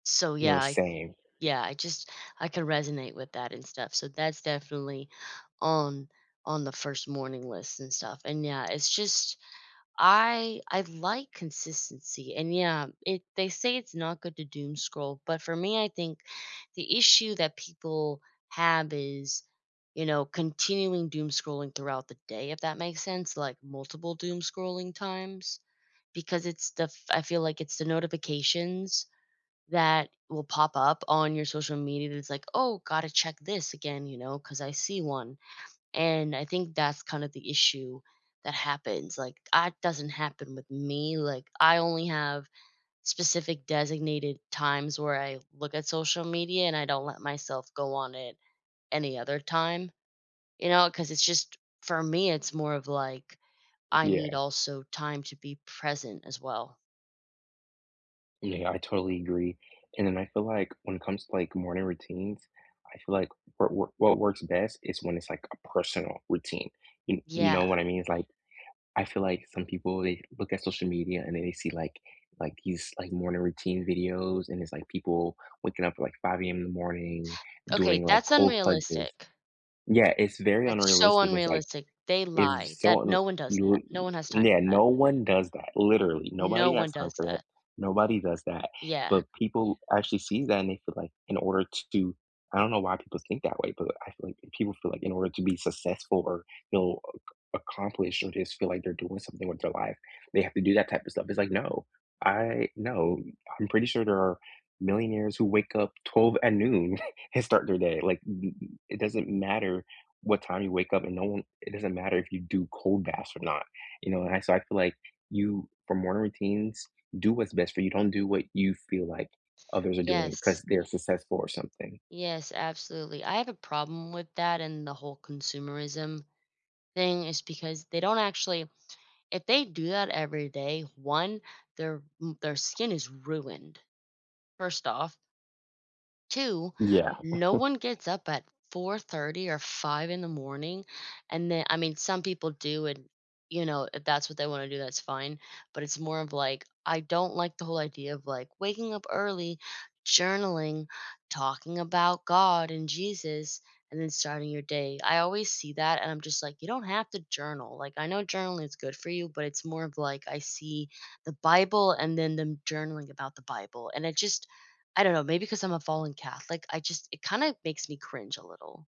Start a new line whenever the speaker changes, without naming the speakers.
So,
No,
yeah I
same.
yeah I just I can resonate with that and stuff. So that's definitely on on the 1st morning list and stuff. And, yeah, it's just I I like consistency. And, yeah, it they say it's not good to doom scroll. But for me, I think the issue that people have is, you know, continuing doom scrolling throughout the day, if that makes sense? Like, multiple doom scrolling times because it's the f I feel like it's the notifications that will pop up on your social media that's like, "Oh, gotta check this again," you know, 'cause I see 1. And I think that's kind of the issue that happens. Like, I doesn't happen with me. Like, I only have specific designated times where I look at social media, and I don't let myself go on it any other time. You know? 'Cause it's just for me, it's more of, like, I need
Yeah.
also time to be present as well.
Yeah, I totally agree. And then I feel like when it comes to, like, morning routines, I feel like what work what works best is when it's, like, a personal routine. You you
Yeah.
know what I mean? It's, like, I feel like some people, they look at social media, and then they see, like like, these, like, morning routine videos. And it's, like, people waking up at, like, 5 AM in the morning
Okay.
doing, like,
That's
cold plunges.
unrealistic.
Yeah, it's very
That's so
unrealistic. It's, like,
unrealistic. They lie
it's
that
so unre
no one does
real uh,
that. No one has time
and yeah,
for that.
no one does that, literally.
No
Nobody has
one
time
does
for that.
that.
Nobody does that.
Yeah.
But people actually see that, and they feel like, in order to do I don't know why people think that way, but I feel like people feel like in order to be successful or they'll ac accomplish or just feel like they're doing something with their life, they have to do that type of stuff. It's like, no. I no. I'm pretty sure there are millionaires who wake up 12 at noon and start their day. Like, i it it doesn't matter what time you wake up, and no one it doesn't matter if you do cold baths or not. You know? And so I feel like, you for morning routines, do what's best for you. Don't do what you feel like others are doing
Yes.
'cause they're successful or something.
Yes, absolutely. I have a problem with that and the whole consumerism thing is because they don't actually if they do that every day, 1, their m their skin is ruined, 1st off. 2,
Yeah.
no one gets up at 4:30 or 5 in the morning, and then I mean, some people do and, you know, if that's what they wanna do, that's fine, but it's more of, like, I don't like the whole idea of, like, waking up early, journaling, talking about God and Jesus, and then starting your day. I always see that, and I'm just like, "You don't have to journal," like, "I know journaling is good for you," but it's more of like, I see the Bible and then them journaling about the Bible. And I just I don't know, maybe 'cause I'm a fallen Catholic, I just it kinda makes me cringe a little.